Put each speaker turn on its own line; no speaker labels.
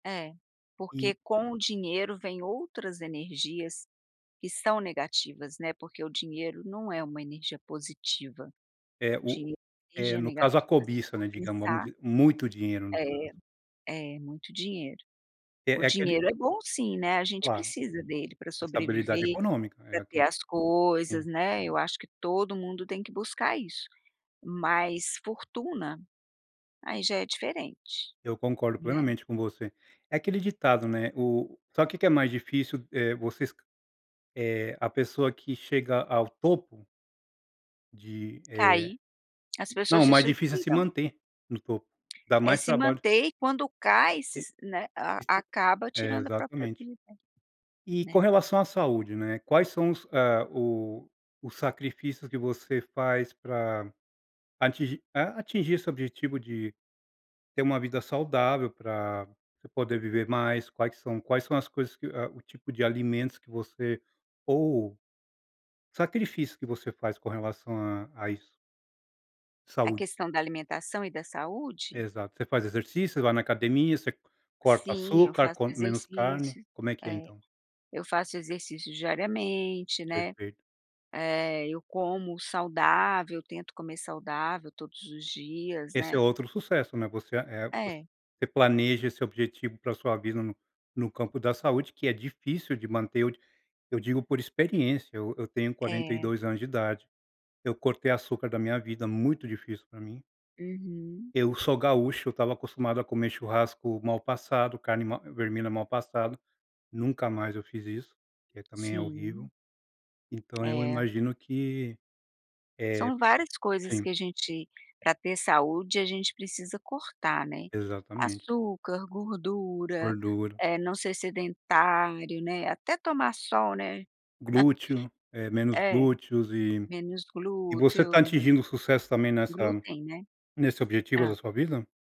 É. Porque
E
com o dinheiro vem outras energias que são negativas, né, porque o dinheiro não é uma energia positiva.
É,
O
o
dinheiro é
é,
energia
no caso a
negativa se
cobiça,
for
né, digamos, vamos
pensar
dizer. Muito dinheiro, no
É,
caso.
é, muito dinheiro. O
É, é aquele
dinheiro é bom sim, né, a gente
Claro.
precisa dele pra
Estabilidade
sobreviver,
econômica, é,
pra ter
aqui
as coisas,
sim.
né, eu acho que todo mundo tem que buscar isso. Mas, fortuna, aí já é diferente,
Eu concordo
né?
plenamente com você. É aquele ditado, né, o sabe que que é mais difícil? Eh, vocês eh, a pessoa que chega ao topo de, eh
Caí. As
não,
pessoas
o
se
mais difícil é se
suicidam.
manter no topo. Dá
É
mais
se
trabalho
manter, e quando cai se
E
s né, a
isto
acaba
é,
tirando a própria
exatamente.
vida,
E com
né.
relação à saúde, né, quais são os ah o os sacrifícios que você faz pra atingir a atingir esse objetivo de ter uma vida saudável pra você poder viver mais? Quais são quais são as coisas que ah, o tipo de alimentos que você, ou o sacrifício que você faz com relação a a isso?
A
Saúde.
questão da alimentação e da saúde?
Exato. Você faz exercício? Você vai na academia? Você corta
Sim, eu
açúcar?
faço
Come menos carne?
exercícios.
Como é que é,
É,
então?
eu faço exercício diariamente, né.
Perfeito.
É, eu como saudável, tento comer saudável todos os dias,
Esse é
né.
outro sucesso, né, você a eh, voc
É.
você planeja esse objetivo pra sua vida no no campo da saúde que é difícil de manter. Eu d eu digo por experiência. Eu eu tenho quarenta e
É.
dois anos de idade. Eu cortei açúcar da minha vida, muito difícil pra mim.
Uhum.
Eu sou gaúcho, eu estava acostumado a comer churrasco mal passado, carne mal vermelha mal passado. Nunca mais eu fiz isso, que é também é horrível.
Sim.
Então eu
É.
imagino que, eh
São várias coisas
sim.
que a gente, pra ter saúde, a gente precisa cortar, né.
Exatamente.
Açúcar, gordura,
Gordura.
eh, não ser sedentário, né, até tomar sol, né.
Glúteo. É, menos
É,
glúteos e
menos
e você tá
glúteo, hum.
atingindo o sucesso também nessa
Glúten, né.
nesse objetivo
Hã.
da sua vida?